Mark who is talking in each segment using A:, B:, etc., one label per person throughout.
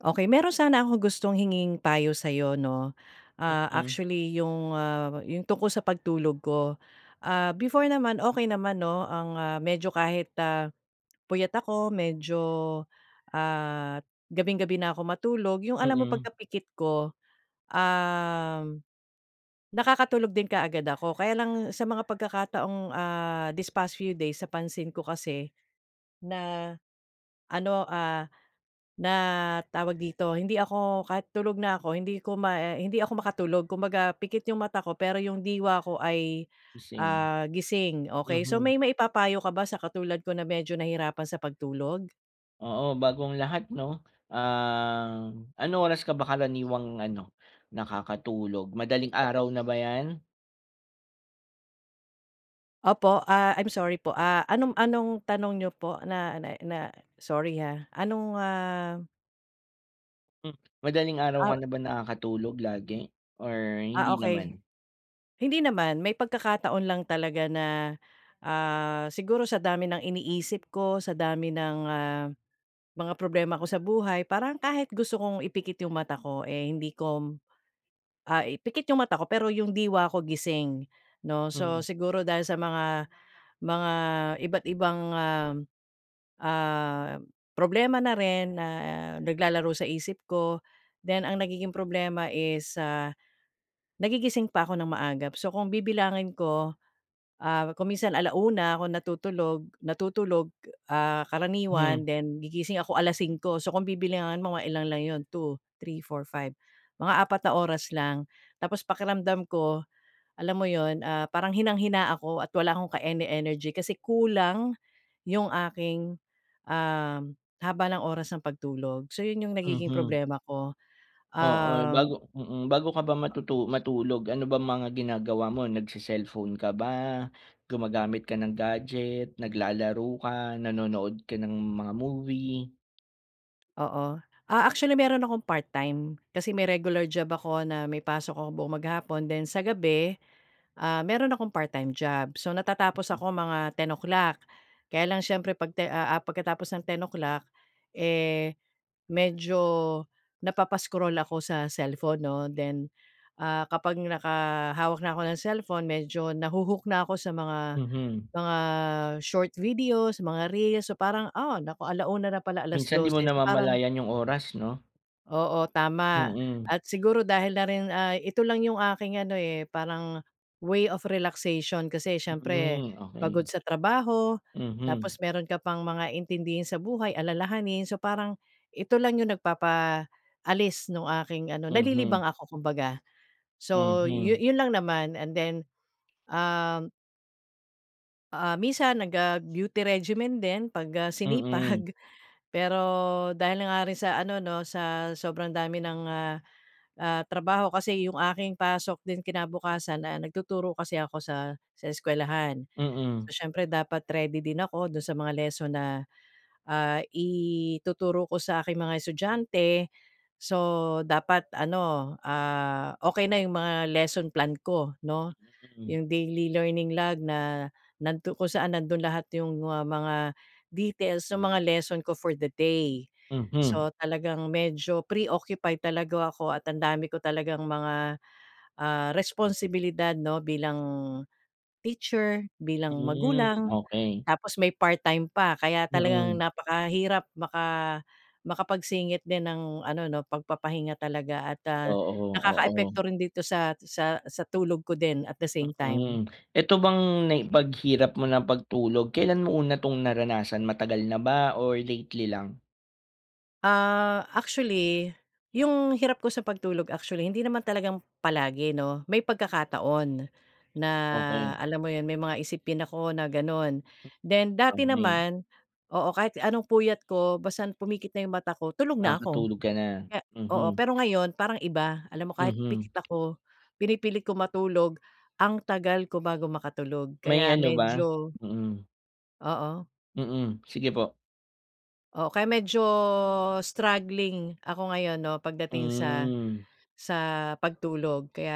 A: Okey. Mayro'n sana akong gustong hinging payo sayo 'no, ah,
B: Mm.
A: actually yung, ah, yung tungkol sa pagtulog ko. Ah, before naman okey naman 'no ang, ah, medyo kahit, ah, puyat ako medyo, ah, gabing-gabi na ako matulog yung alam mo
B: Mm.
A: pagkapikit ko, um, nakakatulog din kaagad ako. Kaya lang sa mga pagkakataong ah, this past few days napansin ko kasi na ano, ah, na tawag dito? Hindi ako kahit tulog na ako hindi ko ma hindi ako makatulog kumbaga pikit yung mata ko pero yung diwa ko ay,
B: Gising,
A: ah, gising, okey. So,
B: mhm.
A: may maipa-payo ka ba sa katulad ko na medyo nahihirapan sa pagtulog?
B: Oo, bago ang lahat 'no, um, anong oras ka ba karaniwang ano nakakatulog, madaling araw na ba yan?
A: Opo, ah, I'm sorry po, ah, anong anong tanong niyo po na na na sorry, ha. Anong, ah
B: Hmm Madaling araw ka
A: Ah
B: na ba nakakatulog lagi or
A: Ah,
B: hindi
A: okey.
B: naman?
A: Hindi naman, may pagkakataon lang talaga na, ah, siguro sa dami ng iniisip ko, sa dami ng, ah, mga problema ko sa buhay parang kahit gusto kong ipikit yung mata ko, eh, hindi ko ah, ipikit yung mata ko pero yung diwa ko gising 'no, so
B: Mhm.
A: siguro dahil sa mga, mga iba't ibang, um, ah, problema na rin na naglalaro sa isip ko, then ang nagiging problema is, ah, nagigising pa ako ng maagap so kung bibilangin ko, ah, kung minsan 1:00 ako natutulog natutulog, ah,
B: Mhm.
A: karaniwan then gigising ako 5:00 so kung bibilangin mo mga ilan lang 'yon, 2, 3, 4, 5, mga 4 na oras lang tapos pakiramdam ko, alam mo 'yun, ah, parang hinang-hina ako at wala akong ka-ene-energy kasi kulang yung aking, um, haba ng oras ng pagtulog. So 'yun yung nagiging
B: Mhm.
A: problema ko.
B: Oo, bago
A: Um
B: mm, bago ka ba matutu matulog ano bang mga ginagawa mo nagse-cellphone ka ba, gumagamit ka ng gadget, naglalaro ka, nanonood ka ng mga movie?
A: Oo, ah actually mayro'n akong part-time kasi may regular job ako na may pasok ako buong maghapon then sa gabi, ah, mayro'n akong part-time job. So natatapos
B: Mm.
A: ako mga 10:00 Kaya lang siyempre pag ti ah ah pagkatapos ng 10:00 eh, medyo, napapa-scroll ako sa cellphone 'no then, ah, kapag naka hawak na ako ng cellphone medyo nahu-hook na ako sa mga,
B: Mhm.
A: mga short videos, mga reels, so parang, ah, naku 1:00 na pala,
B: Minsan, di
A: 12:00
B: mo
A: so parang
B: namamalayan yung oras, 'no?
A: Oo, tama
B: Mm.
A: at siguro dahil na rin ay ito lang yung aking ano, eh, parang way of relaxation kasi siyempre,
B: Hmm,
A: pagod
B: okey.
A: sa trabaho
B: Mhm.
A: tapos mayro'n ka pang mga intindihin sa buhay, alalahanin. So parang, ito lang yung nagpapaalis nung aking ano nalilibang
B: Mhm.
A: ako kumbaga. So, yu
B: Mhm.
A: yun lang naman. And then, um ah, minsan nag, ah, beauty regimen din pag, ah,
B: Mm.
A: sinipag. Pero, dahil na nga rin sa ano 'no sa sobrang dami ng, ah, ah, trabaho kasi yung aking pasok din kinabukasan, ah, nagtuturo kasi ako sa sa eskwelahan.
B: Mm.
A: So siyempre dapat ready din ako do'n sa mga lesson na, ah, ituturo ko sa aking mga estudyante. So dapat ano, ah, okey na yung mga lesson plan ko 'no,
B: Mm.
A: yung daily learning log na, nagtu kung saan nando'n lahat yung mga mga details nung mga lesson ko for the day.
B: Mhm.
A: So talagang medyo pre-occupied talaga ako at ang dami ko talagang mga, ah, responsibilidad 'no bilang, teacher, bilang
B: Hmm,
A: magulang
B: okey.
A: tapos may part-time pa kaya talagang
B: Mm.
A: napakahirap maka makapagsingit din ng ano 'no pagpapahinga talaga at, ah,
B: Oo, oo.
A: nakaka-epekto rin dito sa sa sa tulog ko din at the same time.
B: Mm. Eto bang na 'pag hirap mo ng pagtulog kailan mo una tong naranasan, matagal na ba or lately lang?
A: Ah, actually 'yung hirap ko sa pagtulog actually hindi naman talagang palagi 'no, may pagkakataon, na
B: Okey.
A: alam mo 'yun, may mga isipin ako na gano'n then dati
B: Okey.
A: naman, oo, kahit anong puyat ko basta pumikit na 'yung mata ko tulog na ako, oo,
B: Nakatulog ka na,
A: kaya
B: mhm.
A: pero ngayon parang iba, alam mo kahit
B: Mhm.
A: pikit ako pinipilit ko matulog ang tagal ko bago makatulog, kaya
B: May ano ba?
A: medyo
B: Mm.
A: Oo.
B: Mm, sige po.
A: Oo, kaya medyo struggling ako ngayon 'no, pagdating sa
B: Hmm.
A: sa pagtulog, kaya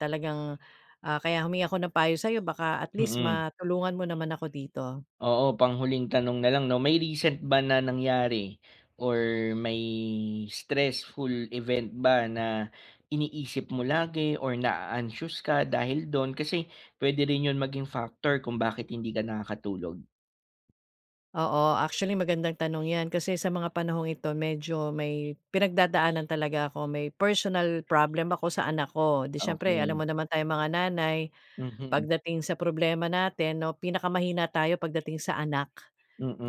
A: talagang, ah, kaya humingi ako ng payo sa'yo baka at least
B: Mm.
A: matulungan mo naman ako dito.
B: Oo, pang-huling tanong na lang 'no, may recent ba na nangyari or may stressful event ba na iniisip mo lagi or na-a-anxious ka dahil do'n kasi puwede rin 'yun maging factor kung bakit hindi ka nakakatulog.
A: Oo, actually magandang tanong 'yan kasi sa mga panahong ito medyo may pinagdadaanan talaga ako, may personal problem ako sa anak ko, di siyempre alam
B: Okey.
A: mo naman tayong mga nanay
B: Mhm.
A: pagdating sa problema natin, 'no, pinakamahina tayo pagdating sa anak.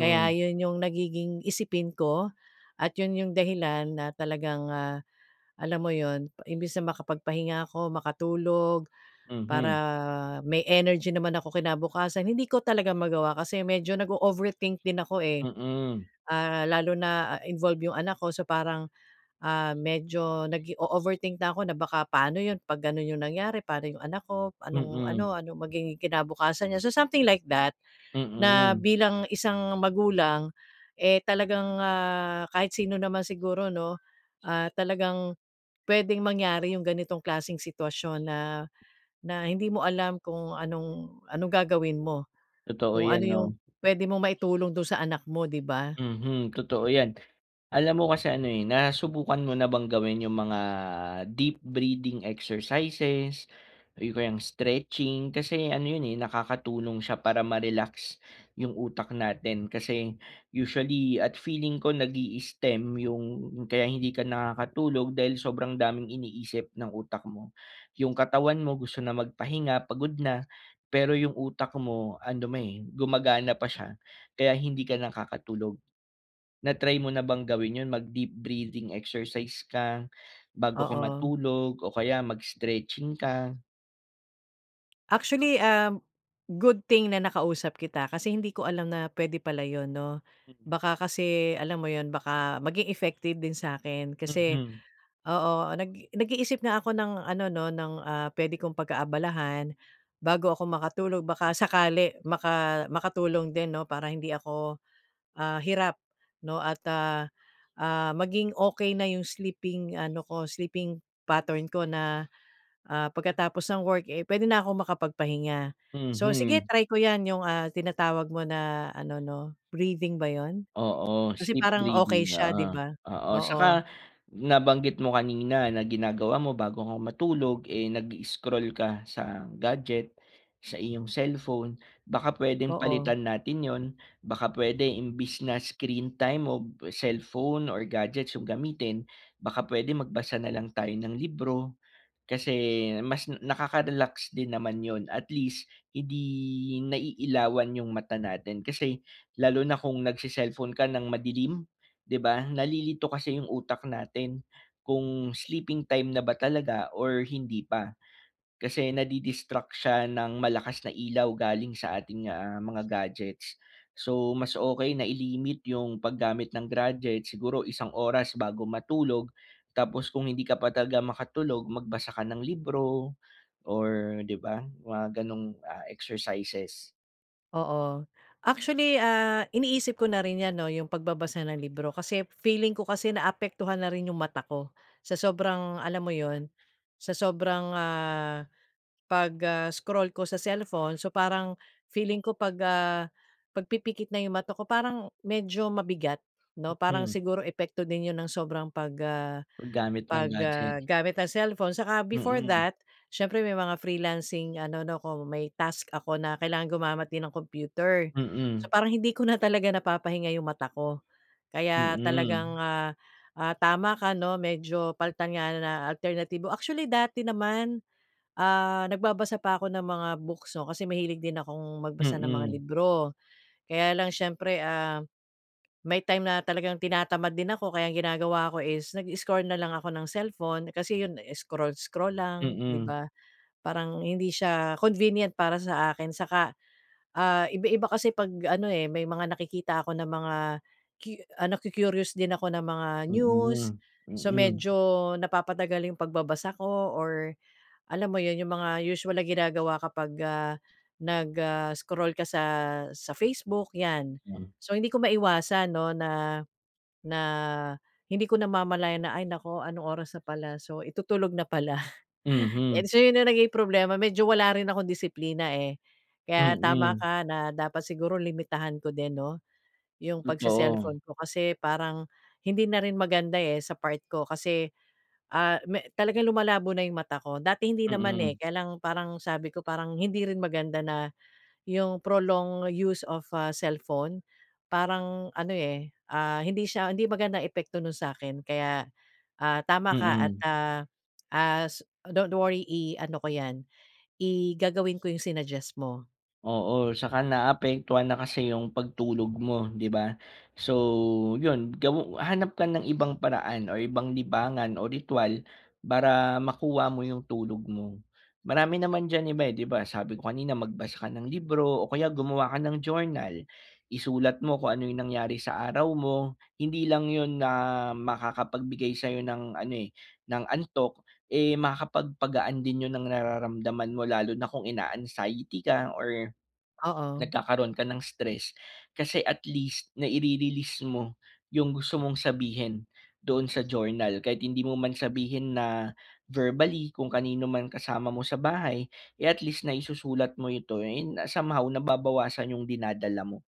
A: Kaya 'yun 'yung nagiging isipin ko at 'yun 'yung dahilan na talagang, ah, alam mo 'yun, imbes na makapagpahinga ako, makatulog, para
B: Mhm.
A: may energy naman ako kinabukasan, hindi ko talaga magawa kasi medyo nag-o-overthink din ako, eh.
B: Mm.
A: Ah, lalo na, ah, involve 'yung anak ko so parang, ah, medyo nag-o-overthink na ako na baka paano 'yun 'pag gano'n 'yung nangyari, paano 'yung anak ko, anong
B: Mm.
A: ano, ano magiging kinabukasan niya. So something like that na
B: Mm.
A: bilang isang magulang, eh, talagang, ah, kahit sino naman siguro 'no, ah, talagang puwedeng mangyari 'yung ganitong klaseng sitwasyon na na hindi mo alam kung anong anong gagawin mo,
B: Totoo
A: kung ano
B: 'yan,
A: 'yung
B: 'no.
A: puwede mong maitulong do'n sa anak mo, 'di ba?
B: Mhm, totoo 'yan. Alam mo kasi ano, eh, nasubukan mo na bang gawin 'yung mga deep breathing exercises o kaya 'yong stretching kasi ano 'yun, eh, nakakatulong siya para ma-relax 'yung utak natin, kasi usually at feeling ko nag-i-stem 'yung kaya hindi ka nakakatulog dahil sobrang daming iniisip ng utak mo. 'Yung katawan mo gusto na magpahinga, pagod na, pero 'yung utak mo, ando'n, eh, gumagana pa siya, kaya hindi ka nakakatulog. Na-try mo na bang gawin 'yun, mag-deep breathing exercise ka bago ka
A: Oo.
B: matulog o kaya mag-stretching ka?
A: Actually, um, good thing na nakausap kita. Kasi hindi ko alam na puwede pala 'yun 'no
B: Mm.
A: baka kasi alam mo 'yon baka maging effective din sakin kasi
B: Mhm.
A: oo nag nag-iisip nga ako ng ano 'no ng, ah, puwede kong pagkaabalahan bago ako makatulog baka
B: Mm.
A: sakali maka makatulong din 'no para hindi ako, ah, hirap 'no at, ah, ah, maging okey na yung sleeping ano ko sleeping pattern ko na, ah, pagkatapos ng work, eh, puwede na akong makapagpahinga. So, sige
B: Mhm.
A: try ko yan yung, ah, tinatawag mo na ano 'no breathing ba 'yon?
B: Oo,
A: Kasi
B: sleep
A: parang okey
B: breathing
A: siya 'di
B: oo,
A: ba?
B: oo
A: Oo.
B: 'saka nabanggit mo kanina na ginagawa mo bago ka matulog, eh, nag-i-scroll ka sa gadget sa iyong cellphone baka puwedeng
A: Oo.
B: palitan natin 'yon. Baka puwede imbis na screen time o cellphone or gadgets yung gamitin, baka puwede magbasa na lang tayo ng libro, kasi mas nakakarelax din naman 'yon at least hindi naiilawan yung mata natin. Kasi lalo na kung nagse-cellphone ka ng madilim 'di ba? Nalilito kasi yung utak natin kung sleeping time na ba talaga or hindi pa ,kasi nadi-destruct siya ng malakas na ilaw galing sa ating, ah, mga gadgets. So, mas okey na i-limit yung paggamit ng gadgets siguro isang oras bago matulog tapos, kung hindi ka pa talaga makatulog magbasa ka ng libro or 'di ba mga ganong, ah, exercises.
A: Oo. Actually, ah, iniisip ko na rin yan 'no, yung pagbabasa ng libro kasi feeling ko kasi naapektuhan na rin yung mata ko, sa sobrang alam mo yun sa sobrang ah, pag, ah, scroll ko sa cellphone. So parang feeling ko pag, ah, pag pipikit na yung mata ko, parang medyo mabigat 'no, parang
B: Mm.
A: siguro epekto din yun ng sobrang pag, ah,
B: Pag gamit ng
A: pag, ah,
B: gadget.
A: gamit ang cellphone. Saka before
B: Mm.
A: that, siyempre may mga freelancing ano 'no ko, may task ako na kailangan gumamit din ng computer. So
B: Mm.
A: parang hindi ko na talaga napapahinga yung mata ko. Kaya talagang,
B: Mm.
A: ah, ah, tama ka 'no medyo palitan nga na alternatibo, actually dati naman, ah, nagbabasa pa ko ng mga books 'no, kasi mahilig din akong magbasa ng mga
B: Mm.
A: libro. Kaya lang siyempre, ah, may time na talagang tinatamad din ako, kaya ang ginagawa ko is nag i-scroll na lang ako ng cellphone, kasi yun scroll-scroll lang di
B: Mm.
A: ba, parang hindi siya convenient para sa akin, saka, ah, iba-iba kasi pag ano, eh, may mga nakikita ako na mga cu ano ku-curious din ako na mga news,
B: Mm,
A: so
B: mm.
A: medyo napapatagal yung pagbabasa ko or alam mo yun yung mga usual na ginagawa kapag, ah, nag, ah, scroll ka sa sa Facebook, yan.
B: Hmm.
A: So hindi ko maiwasan 'no na na hindi ko namamalayan na, "Ay naku anong oras na pala, so itutulog na pala," and
B: Mhm.
A: so yun na naging problema, medyo wala rin akong disiplina, eh. Kaya tama
B: Mm.
A: ka na dapat siguro limitahan ko din 'no, yung
B: Totoo.
A: pag-ce-celllphone ko kasi parang hindi na rin maganda, eh, sa part ko kasi, ah, me talagang lumalabo na yung mata ko, dati hindi naman, eh,
B: Mm.
A: kaya lang parang sabi ko parang hindi rin maganda na yung prolong use of a cellphone parang ano, eh, ah, hindi siya hindi magandang epekto nun sa'kin. Kaya, ah, tama ka at,
B: Mm.
A: ah, ah, don't worry i-ano ko yan i gagawin ko yung sinuggest mo.
B: Oo 'tsaka naaapektuhan na kasi yung pagtulog mo 'di ba? So, yon gaw hanap ka ng ibang paraan or ibang libangan o ritwal para makuha mo yung tulog mo. Marami naman dyan iba 'di ba, sabi ko kanina magbasa ka ng libro o kaya gumawa ka ng journal. Isulat mo kung ano yung nangyari sa araw mo, hindi lang yon na makakapagbigay sa'yo ng ano, eh, ng antok, eh, makakapagpagaan din 'yon ng nararamdaman mo lalo na kung ina-anxiety ka or
A: Oo.
B: nagkakaroon ka ng stress. Kasi at least nai-re-release mo yung gusto mong sabihin doon sa journal kahit hindi mo man sabihin na verbally kung kanino man kasama mo sa bahay, eh, at least naisusulat mo ito and somehow nababawasan yung dinadala mo.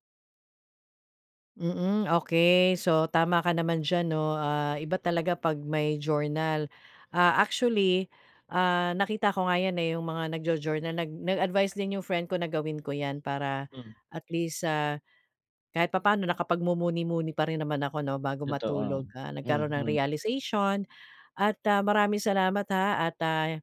A: Mm, okey. So, tama ka naman dyan 'no, ah, iba talaga pag may journal. Ah, actually, ah, nakita ko nga yan, eh, yung mga nagjo-journal nag nag-advice din yung friend ko na gawin ko yan para
B: M
A: at least, ah, kahit papaano nakapagmumuni-muni pa rin naman ako 'no bago
B: Totoo,
A: matulog, ah, nagkaroon ng
B: mhm.
A: realization at, ah, maraming salamat, ha at, ah,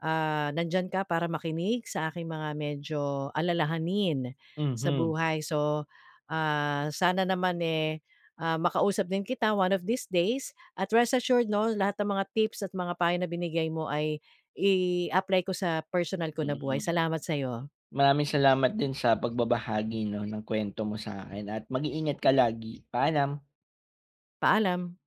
A: ah, nandiyan ka para makinig sa aking mga medyo alalahanin sa
B: Mhm.
A: buhay. So, ah, sana naman, eh, ah, makausap din kita one of these days at rest assured 'no lahat ng mga tips at mga payo na binigay mo ay i-apply ko sa personal ko na buhay,
B: Mm.
A: salamat sa'yo.
B: Maraming salamat din sa pagbabahagi 'no ng kuwento mo sa'kin at mag-iingat ka lagi, paalam.
A: Paalam.